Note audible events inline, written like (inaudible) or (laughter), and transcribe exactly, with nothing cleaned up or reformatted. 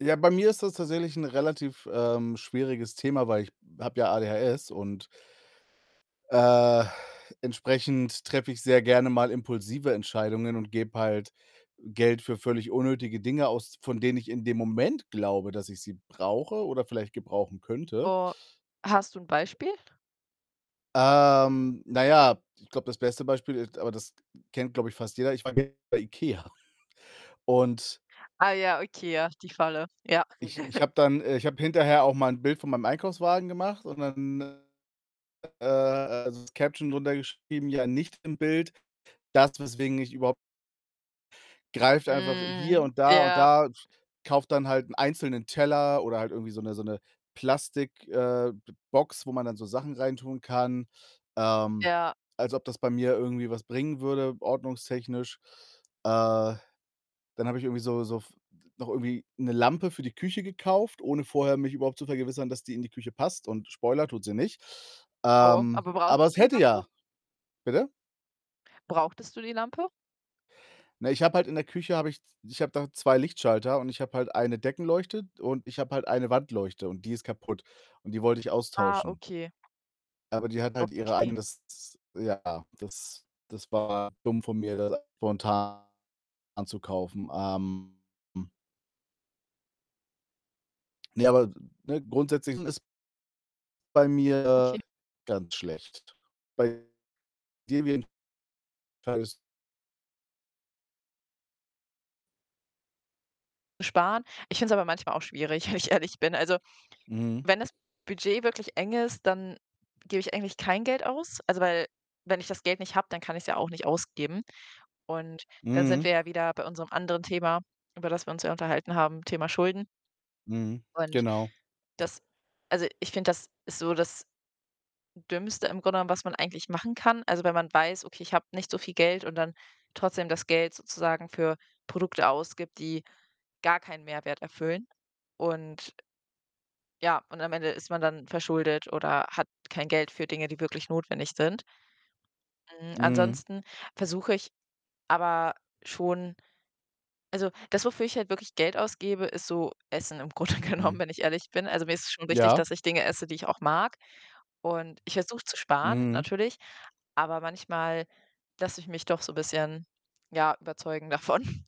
Ja, bei mir ist das tatsächlich 'n relativ, ähm, schwieriges Thema, weil ich habe ja ADHS und äh, entsprechend treffe ich sehr gerne mal impulsive Entscheidungen und gebe halt Geld für völlig unnötige Dinge aus, von denen ich in dem Moment glaube, dass ich sie brauche oder vielleicht gebrauchen könnte. Oh, hast du 'n Beispiel? Ähm, na ja, ich glaube, das beste Beispiel ist, aber das kennt, glaube ich, fast jeder: Ich war gestern bei IKEA (chuckles) und Ah ja, okay, ja, die Falle. Ja. ich ich (giggles) habe dann äh, ich habe hinterher auch mal 'n Bild von meinem Einkaufswagen gemacht und dann, äh, äh, also, das Caption drunter geschrieben: „Ja, nicht im Bild. Das, weswegen ich überhaupt“ Greift einfach hier Mhm, und da und ja. da z kaufe dann halt 'n einzelnen Teller oder halt irgendwie so 'ne so 'ne Plastik äh, B Box, wo man dann so Sachen reintun kann. Ähm, Ja. als ob das bei mir irgendwie was bringen würde, ordnungstechnisch. Äh, dann habe ich irgendwie so so f noch irgendwie 'ne Lampe für die Küche gekauft, ohne vorher mich überhaupt zu vergewissern, dass die in die Küche passt und Spoiler: Tut sie nicht. Oh, Ähm, aber aber brauchtest es du die hätte Lampe? ja bitte? Brauchtest du die Lampe? Na, ich habe halt in der Küche habe ich z ich habe da zwei Lichtschalter und ich habe halt eine Deckenleuchte und ich habe halt eine Wandleuchte und die ist kaputt und die wollte ich Ah, austauschen. okay. Aber die hat halt ihre Okay. eigenes s Ja, das das war dumm von mir, das spontan anzukaufen. Ähm, hm. Ne, aber, ne, grundsätzlich ist bei mir Okay. ganz schlecht. Bei (unintelligible) Sparen. Ich finde es aber manchmal auch schwierig, wenn ich ehrlich bin. Also, Mhm. wenn das Budget wirklich eng ist, dann gebe ich eigentlich kein Geld aus. Also, weil wenn ich das Geld nicht habe, dann kann ich's ja auch nicht ausgeben und dann sind wir Mhm. ja wieder bei unserem anderen Thema, über das wir uns ja unterhalten haben, Thema Schulden. Mhm, Und genau. das also, ich finde, das ist so das Dümmste im Grunde genommen, was man eigentlich machen kann. Also, wenn man weiß: „Okay, ich habe nicht so viel Geld“, und dann trotzdem das Geld sozusagen für Produkte ausgibt, die gar keinen Mehrwert erfüllen und ja, und am Ende ist man dann verschuldet oder hat kein Geld für Dinge, die wirklich notwendig sind. Hm, Mhm. ansonsten versuche ich aber schon also, das, wofür ich halt wirklich Geld ausgebe, ist so Essen im Grunde genommen, Mhm. wenn ich ehrlich bin. Also, mir ist es schon wichtig, Ja. dass ich Dinge esse, die ich auch mag und ich versuche zu sparen, Mhm. natürlich, aber manchmal lasse ich mich doch so bisschen, ja, überzeugen davon. (chuckles)